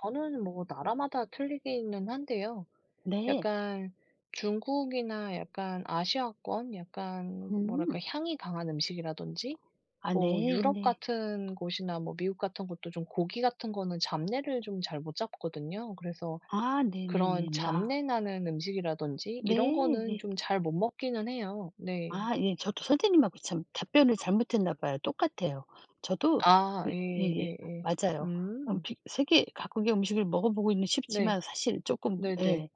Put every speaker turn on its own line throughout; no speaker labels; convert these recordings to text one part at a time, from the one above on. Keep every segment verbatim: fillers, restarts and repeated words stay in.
저는 뭐 나라마다 틀리기는 한데요.
네.
약간 중국이나 약간 아시아권 약간 뭐랄까
음.
향이 강한 음식이라든지
아
뭐 유럽
네네.
같은 곳이나 뭐 미국 같은 곳도 좀 고기 같은 거는 잡내를 좀 잘 못 잡거든요. 그래서
아 네네네
그런
네 아.
잡내 나는 음식이라든지
네
이런 거는
예.
좀 잘 못 먹기는 해요. 네.
아 예. 저도 선생님하고 참 답변을 잘못했나 봐요. 똑같아요. 저도
아
그 예예
예예예.
맞아요. 엄
음.
피 세계 각국의 음식을 먹어보고 있는 쉽지만
네.
사실 쪼끔
네네.
예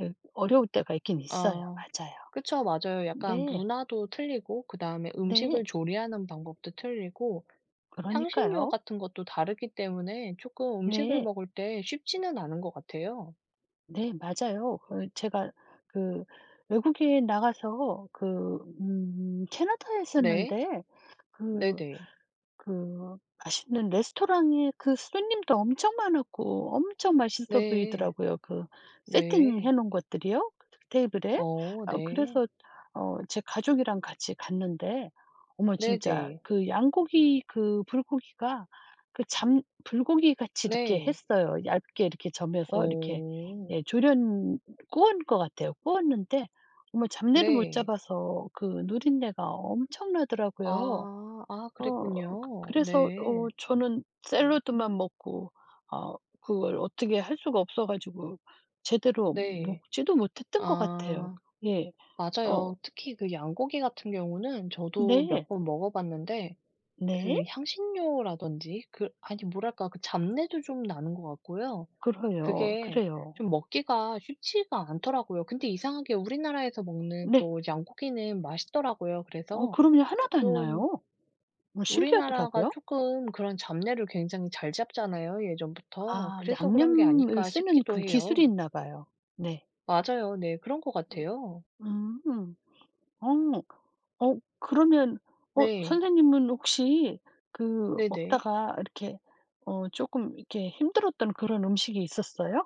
예 어려울 때가 있긴 있어요
아
맞아요.
그쵸 맞아요. 약간
네.
문화도 틀리고 그다음에
네.
음식을 조리하는 방법도 틀리고 향신료
그러니까요.
같은 것도 다르기 때문에 조금 음식을
네.
먹을 때 쉽지는 않은 것 같아요.
네 맞아요. 그 제가 그 외국에 나가서 그 음 캐나다에
네.
있었는데 그
네네.
그 맛있는 레스토랑에 그 손님도 엄청 많았고 엄청 맛있어
네.
보이더라고요. 그 세팅해
네.
놓은 것들이요 테이블에.
어
어
네.
그래서 어 제 가족이랑 같이 갔는데 어머 진짜
네네.
그 양고기 그 불고기가 그 잡 불고기같이 이렇게
네.
했어요. 얇게 이렇게 저며서 이렇게
어.
예 졸였 구운 것 같아요. 구웠는데 어머 잡내를 못
네.
잡아서 그 누린내가 엄청나더라고요.
아 아
어
그랬군요.
그래서 어
네.
저는 샐러드만 먹고 아 그걸 어떻게 할 수가 없어 가지고 제대로
네.
먹지도 못했던 것 같아요.
아
예. 어.
맞아요. 특히 그 양고기 같은 경우는 저도 몇
네.
번 먹어봤는데
네.
그 향신료라든지 그 아니 뭐랄까 그 잡내도 좀 나는 것 같고요.
그러요,
그게
그래요.
좀 먹기가 쉽지가 않더라고요. 근데 이상하게 우리나라에서 먹는
네.
또 양고기는 맛있더라고요.
어
그래서
그럼요 하나도 안
좀
나요. 어머
우리나라가
신기하더라고요.
쪼끔 그런 잡내를 굉장히 잘 잡잖아요 예전부터.
아
그래서 그런 게
양념을
아닐까
쓰는
싶기도
그 기술이
해요.
있나봐요. 네.
맞아요. 네. 그런 것 같아요.
음. 어. 어 그러면 어
네.
선생님은 혹시 그
네네.
먹다가 이렇게 어 쪼금 이렇게 힘들었던 그런 음식이 있었어요?